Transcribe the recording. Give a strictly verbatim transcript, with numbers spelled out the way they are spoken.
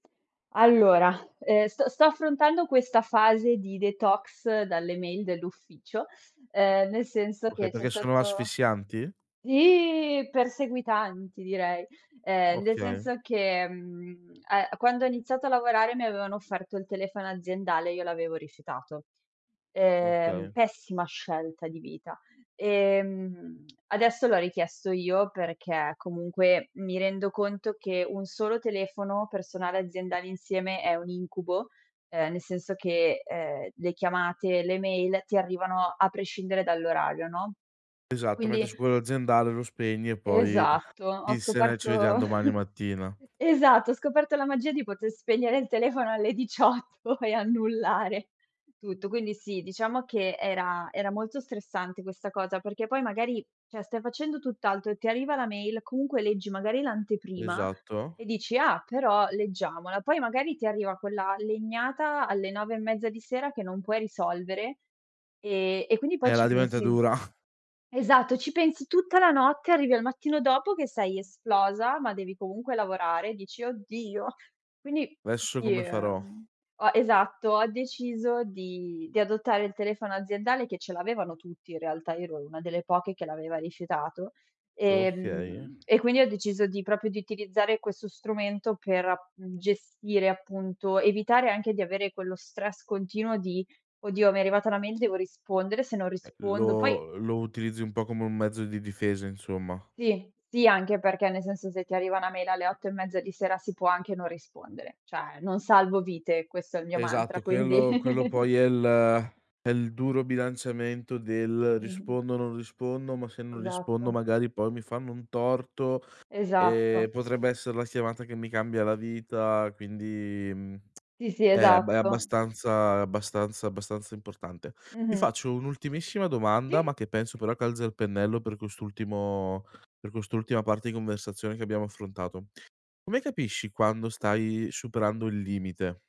Allora, ehm, st-sto affrontando questa fase di detox dalle mail dell'ufficio, ehm, nel senso Okay, che c'è perché sono stato asfissianti? sì! Perseguitanti direi, ehm, nel Okay. senso che, mhmm, uhm, quando ho iniziato a lavorare mi avevano offerto il telefono aziendale e io l'avevo rifiutato. Ehm, Okay. pessima scelta di vita. Ehm, adesso l'ho richiesto io perché comunque mi rendo conto che un solo telefono personale aziendale insieme è un incubo, ehm, nel senso che, ehm, le chiamate, le mail ti arrivano a prescindere dall'orario, no? Esatto, mentre Quindi su quello aziendale lo spegni e poi, Esatto, ho chissene, ci scoperto vediam domani mattina. esatto, ho scoperto la magia di poter spegnere il telefono alle diciotto e annullare tutto. Quindi sì, diciamo che era era molto stressante questa cosa, perché poi magari, cioè stai facendo tutt'altro e ti arriva la mail, comunque leggi magari l'anteprima Esatto. e dici: "Ah, però, leggiamola." Poi magari ti arriva quella legnata alle nove e mezza di sera che non puoi risolvere e e quindi poi Eh, ci la diventa pensi dura. esatto, ci pensi tutta la notte, arrivi al mattino dopo che sei esplosa, ma devi comunque lavorare, dici: "Oddio!" Quindi, esso sì, come farò? ehm, ho esatto, ho deciso di di adottare il telefono aziendale, che ce l'avevano tutti in realtà, io ero una delle poche che l'aveva rifiutato, dokeye. ehm, e quindi ho deciso di propio di utilizzare questo strumento per ap mhmm, gestire appunto, evitare anche di avere quello stress continuo di: "Oddio mi è arrivata una mail, devo rispondere, se non Eh rispondo..." Poi lo lo utilizzi un po' come un mezzo di difesa, insomma. Sì, sì, anche perché nel senso se ti arriva una mail alle otto e mezza di sera si può anche non rispondere, cioè non salvo vite, questo è il mio Esatto mantra quindi quello quello poi è il è il duro bilanciamento del: Mh-mh. "Rispondo non rispondo, ma se non rispondo Esatto. magari poi mi fanno un torto Esatto. e potrebbe essere la siamata che mi cambia la vita." Quindi, mhmm, Sì, sì, è abb è esatto. abbastanza abbastanza abbastanza importante. Ti Mh-mh. faccio un'ultimissima domanda, Sì. ma che penso però calzi al pennello per quest'ultimo per quest'ultima parte di conversazione che abbiamo affrontato: "Come capisci quando stai superando il limite?"